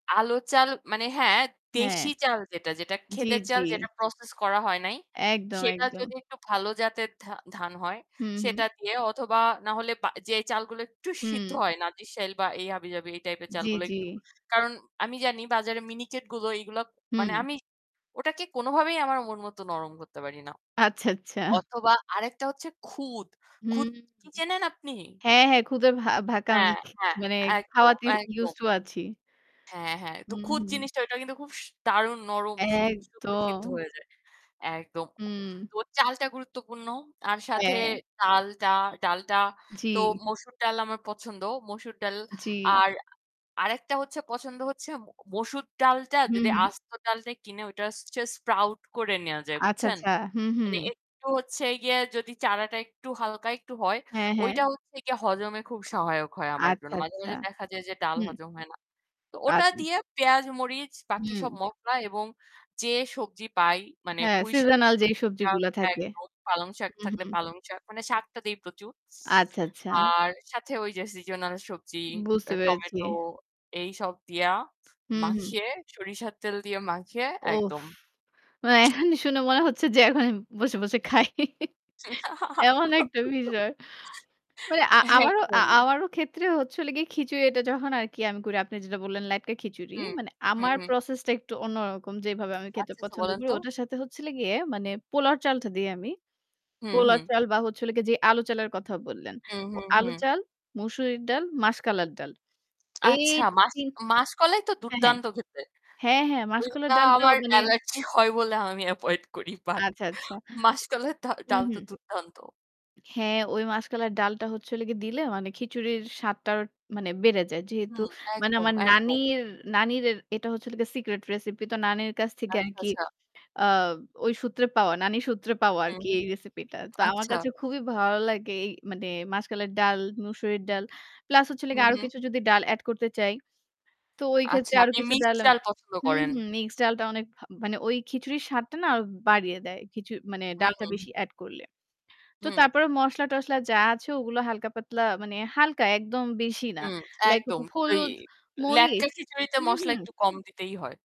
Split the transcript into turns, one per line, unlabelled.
আলু, চাল মানে, হ্যাঁ,
হ্যাঁ।
দেশি চাল যেটা, যেটা
জি,
ক্ষেতের
জি।
চাল, যেটা process করা হয় নাই
একদম,
সেটা
একদম।
যদি একটু ভালো জাতের ধা ধান হয়
হুম, হুম।
সেটা দিয়ে অথবা না হলে বা যে চালগুলো একটু সিদ্ধ
হুম।
হয় না, নাজিরশাইল বা এই হাবিজাবি এই type এর
জি,
চালগুলো
জি।
একটু। কারণ আমি জানি বাজারে মিনিকেট গুলো এইগুলা মানে
হুম।
আমি ওটাকে কোনোভাবেই আমার মন মতো নরম করতে পারি না।
আচ্ছা, আচ্ছা।
অথবা আরেকটা হচ্ছে খুদ।
হুম,
খুদ
হুম।
কি চেনেন আপনি?
হ্যাঁ, হ্যাঁ, খুদে ভা ভাকাম আমি
হ্যাঁ, হ্যাঁ,
মানে
একদম,
খাওয়াতে
একদম।
used to আছি।
হ্যাঁ, হ্যাঁ, তো
হুম,
খুদ
হুম।
জিনিসটা ওইটাও কিন্তু খুব স দারুণ নরম, সু সুন্দর
একদম।
সিদ্ধ হয়ে যায়, একদম।
উম
তো চালটা গুরুত্বপূর্ণ, আর সাথে
হ্যাঁ।
ডালটা, ডালটা
জি।
তো মসুর ডাল আমার পছন্দ। মসুর ডাল
জি।
আর আরেকটা হচ্ছে পছন্দ হচ্ছে ম মসুর ডালটা
হু,
যদি
হুম।
আস্ত ডালটা নিয়ে কিনে ওটা just sprout করে নেয়া যায়,
আচ্ছা,
বুঝছেন?
আচ্ছা। হুম,
মানে
হুম।
একটু হচ্ছে গিয়ে যদি চারাটা একটু হালকা একটু হয়,
হ্যাঁ, হ্যাঁ।
ওইটা হচ্ছে গিয়ে হজমে খুব সহায়ক হয় আমার
আচ্ছা,
জন্য। মাঝে,
আচ্ছা।
মাঝে দেখা যায় যে ডাল
হুম।
হজম হয় না। তো ওটা
আচ্ছা।
দিয়ে পেঁয়াজ, মরিচ, বাকি
হুম।
সব মসলা এবং যে সবজি পাই মানে
হ্যাঁ,
পুঁই শাক,
seasonal যেই
[unintelligible]
সবজিগুলো থাকে।
একদম, পালং শাক
হুম,
থাকলে
হুম।
পালং শাক মানে শাকটা দেই প্রচুর।
আচ্ছা, আচ্ছা।
আর সাথে ওই যে seasonal সবজি,
বুঝতে
অ্যা
পেরেছি।
tomato এইসব দিয়া
হুম, হুম।
মাখিয়ে সরিষার তেল দিয়ে মাখিয়ে
উফ!
একদম।
মানে এখনই শুনে মনে হচ্ছে যে এখনই বসে, বসে খাই। এমন একটা বিষয়। মানে আ-আমারও,
একদমই।
আ-আমারও ক্ষেত্রে হচ্ছে হলো গিয়ে খিচুড়ি এটা যখন আর কি আমি করি, আপনি যেটা বললেন, ল্যাট্কা খিচুড়ি।
হুম,
মানে
হুম,
আমার
হুম।
process টা একটু অন্যরকম। যেভাবে আমি খেতে
আচ্ছা, আচ্ছা
পছন্দ
বলেন
করি
তো।
ওটার সাথে হচ্ছে হলো গিয়ে মানে পোলাওর চালটা দেই আমি,
হুম,
পোলাওর
হুম।
চাল বা হচ্ছে হলো গিয়ে যে আলু চালের কথা বললেন।
হুম,
ও
হুম,
আলু
হুম।
চাল, মসুরের ডাল, মাসকালের ডাল এই
আচ্ছা, মাস
৩
মাস কলাই তো
হ্যাঁ, হ্যাঁ।
দুর্দান্ত খেতে।
হ্যাঁ, হ্যাঁ, মাসকালের
ওইটা
ডালটাও
আমার
মানে
allergy হয় বলে আমি avoid করি, but
আচ্ছা, আচ্ছা।
মাস কলাইয়ের দ
হুম,
ডাল তো
হুম।
দুর্দান্ত।
হ্যাঁ, ওই মাসকালের ডালটা হচ্ছে হলো গিয়ে দিলে মানে খিচুড়ির স্বাদটা আরও মানে বেড়ে যায়। যেহেতু
হুম,
মানে
একদম,
আমার
একদম।
নানির, নানিরের এটা হচ্ছে হলো গিয়ে secret recipe. তো নানির কাছ থেকে আর
আচ্ছা,
কি
আচ্ছা।
অ ওই সূত্রে পাওয়া, নানির সূত্রে পাওয়া আর
হুম,
কি
হুম।
এই recipe টা। তো আমার
আচ্ছা।
কাছে খুবই ভালো লাগে এই মানে মাসকালের ডাল, মসুরের ডাল প্লাস হচ্ছে হলো
হুম,
গিয়ে আরও
হুম।
কিছু যদি ডাল add করতে চাই তো ওই ক্ষেত্রে
আচ্ছা,
আরও
আপনি
কিছু ডাল
মিক্সড
আমি
ডাল পছন্দ
হুম,
করেন?
হুম। মিক্সড ডালটা অনেক ভা মানে ওই খিচুড়ির স্বাদটা না আরও বাড়িয়ে দেয়। খিচু মানে
হুম,
ডালটা
হুম।
বেশি add করলে। তো
হুম।
তারপরে মসলা-টসলা যা আছে ওগুলো হালকা পাতলা মানে হালকা একদম বেশি না।
হুম,
Like হ
একদম। ওই
হলুদ,
ল্যাট্কা
মরিচ
খিচুড়িতে
হুম,
মসলা
হুম।
একটু কম দিতেই হয়।